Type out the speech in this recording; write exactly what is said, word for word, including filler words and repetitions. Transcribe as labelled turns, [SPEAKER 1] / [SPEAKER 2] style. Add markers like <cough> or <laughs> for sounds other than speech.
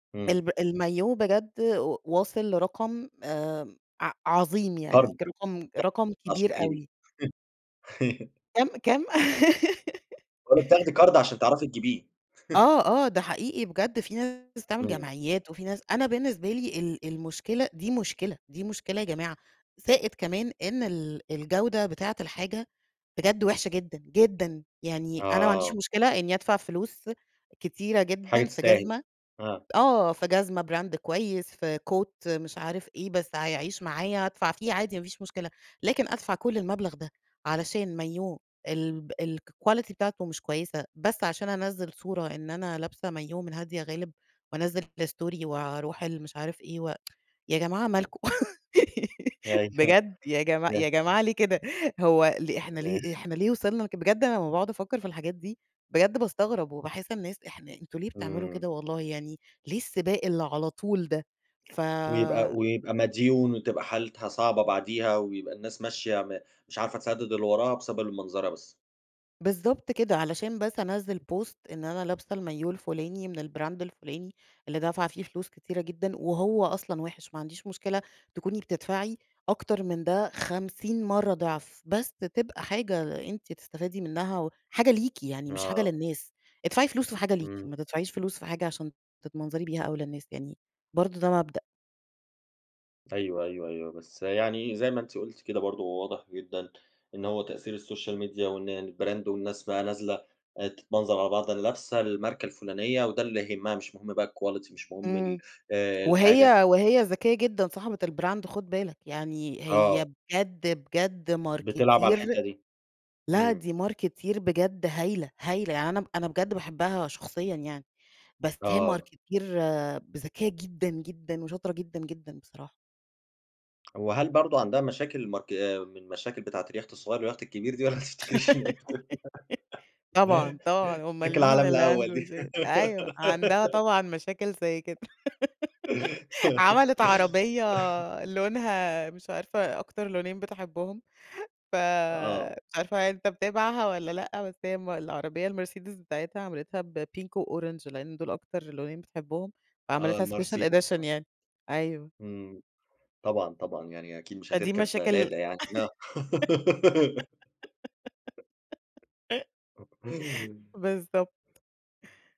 [SPEAKER 1] إمم.
[SPEAKER 2] الم المايوه بجد و واصل لرقم آآ، ع عظيم
[SPEAKER 1] قرض
[SPEAKER 2] يعني رقم رقم
[SPEAKER 1] ت عشان
[SPEAKER 2] كبير
[SPEAKER 1] تجيبيه.
[SPEAKER 2] أوي.
[SPEAKER 1] <laughs>
[SPEAKER 2] كام، كام؟ <laughs>
[SPEAKER 1] باقول لِك تاخدي قرض عشان تعرفي تجيبيه. <laughs>
[SPEAKER 2] آه، آه، ده حقيقي بجد، في ناس بتعمل
[SPEAKER 1] إمم.
[SPEAKER 2] جمعيات، وفي ناس أنا بالنسبة لي ال المشكلة دي مشكلة، دي مشكلة يا جماعة، زائد كمان إن ال الجودة بتاعة الحاجة بجد وحشة جدًا، جدًا، يعني أنا ما عنديش
[SPEAKER 1] آه.
[SPEAKER 2] مشكلة إني أدفع فلوس كتيرة
[SPEAKER 1] حاجة
[SPEAKER 2] جدًا في
[SPEAKER 1] تستاهل
[SPEAKER 2] جزمة
[SPEAKER 1] آه.
[SPEAKER 2] آه، في جزمة براند كويس، في Coat مش عارف إيه، بس هيعيش معايا، أدفع فيه عادي، ما فيش مشكلة، لكن أدفع كل المبلغ ده علشان مايوه، الب الquality بتاعته مش كويسة، بس عشان أنزّل صورة إن أنا لابسة مايوه من هادية غالب وأنزّل الstory وأروح ال مش عارف إيه، <tsk> يا جماعة مالكم
[SPEAKER 1] أيوه.
[SPEAKER 2] بجد؟! <laughs> يا جماع
[SPEAKER 1] <unintelligible>
[SPEAKER 2] يا جماعة ليه كده؟! هو ل إحنا
[SPEAKER 1] تمام.
[SPEAKER 2] ليه؟! إحنا ليه وصلنا بجد أنا أمّا باقعد أفكّر في الحاجات دي بجد باستغرب، وباحس الناس، إحنا أنتم ليه بتعملوا
[SPEAKER 1] إمم.
[SPEAKER 2] كده! والله يعني، ليه السباق اللي على طول ده؟ ف
[SPEAKER 1] ويبقى ويبقى مديون وتبقى حالتها صعبة بعديها، ويبقى الناس ماشية م مش عارفة تسدد اللي وراها، بسبب المنظرة بس.
[SPEAKER 2] بالضبط كده، علشان بس أنزّل post إن أنا لابسة المايوه الفلاني من البراند الفلاني، اللي دافعة فيه فلوس كتيرة جدًا، وهو أصلًا وحِش. ما عنديش مشكلة تكوني بتدفعي أكتر من ده خمسين مرة ضعف، بس تبقى حاجة أنتِ بتستفادي منها، وحاجة ليكِ يعني، مش حاجة
[SPEAKER 1] آه.
[SPEAKER 2] للناس. ادفعي فلوس في حاجة ليكِ،
[SPEAKER 1] إمم.
[SPEAKER 2] ما تدفعيش فلوس في حاجة عشان تتمنظري بيها أو للناس، يعني برضه ده مبدأ.
[SPEAKER 1] أيوه، أيوه، أيوه بس يعني زي ما أنتِ قُلتِ كده برضه هو واضح جدًا، إن هو تأثير الSOCIAL MEDIA وإن الbrand والناس بقى نازلة تتمنظر على بعض اللي لابسة الماركة الفلانية، وده اللي يهمها مش مهم بقى الquality، مش مهم ال
[SPEAKER 2] إمم،
[SPEAKER 1] آآ الحاجة.
[SPEAKER 2] وهي وهي ذكية جدًا صاحبة البراند، خد بالك يعني، هي
[SPEAKER 1] آه.
[SPEAKER 2] بجد بجد
[SPEAKER 1] بتلعب على
[SPEAKER 2] Marketeer،
[SPEAKER 1] الحتّه دي،
[SPEAKER 2] لأ
[SPEAKER 1] إمم.
[SPEAKER 2] دي Marketeer بجد هايلة، هايلة يعني، أنا أنا بجد باحبها شخصيًا يعني، بس هي
[SPEAKER 1] آه.
[SPEAKER 2] Marketeer ذكية جدًا، جدًا، وشاطرة جدًا، جدًا بصراحة.
[SPEAKER 1] وهل برضه عندها مشاكل مارك من مشاكل بتاعة اليخت الصغير واليخت الكبير دي، والّا ما تفتكريش اللي هي بتقول؟
[SPEAKER 2] <laughs> طبعًا،
[SPEAKER 1] <laughs>
[SPEAKER 2] طبعًا أُمّال
[SPEAKER 1] مشاكل
[SPEAKER 2] مين
[SPEAKER 1] العالم
[SPEAKER 2] اللي
[SPEAKER 1] الأول
[SPEAKER 2] عنده
[SPEAKER 1] دي.
[SPEAKER 2] مشاكل أيوه عندها
[SPEAKER 1] <laughs>
[SPEAKER 2] طبعًا مشاكل زي كده <laughs> عملِت عربية
[SPEAKER 1] <laughs>
[SPEAKER 2] لونها مش عارفة أكتر لونين بتحبهم، ف
[SPEAKER 1] آه.
[SPEAKER 2] مش عارفة أنت متابعها والّا لأ؟ بس هي م العربية المرسيدس بتاعتها عملتها بpink وorange لأن دول أكتر لونين بتحبهم
[SPEAKER 1] آه،
[SPEAKER 2] فعملتها special
[SPEAKER 1] المرسيدس آه.
[SPEAKER 2] edition يعني أيوه.
[SPEAKER 1] إمم طبعًا، طبعًا يعني أكيد مش
[SPEAKER 2] فا دي
[SPEAKER 1] هتركب
[SPEAKER 2] مشاكل
[SPEAKER 1] LADA يعني آه. <giggles>
[SPEAKER 2] <laughs> بالضبط.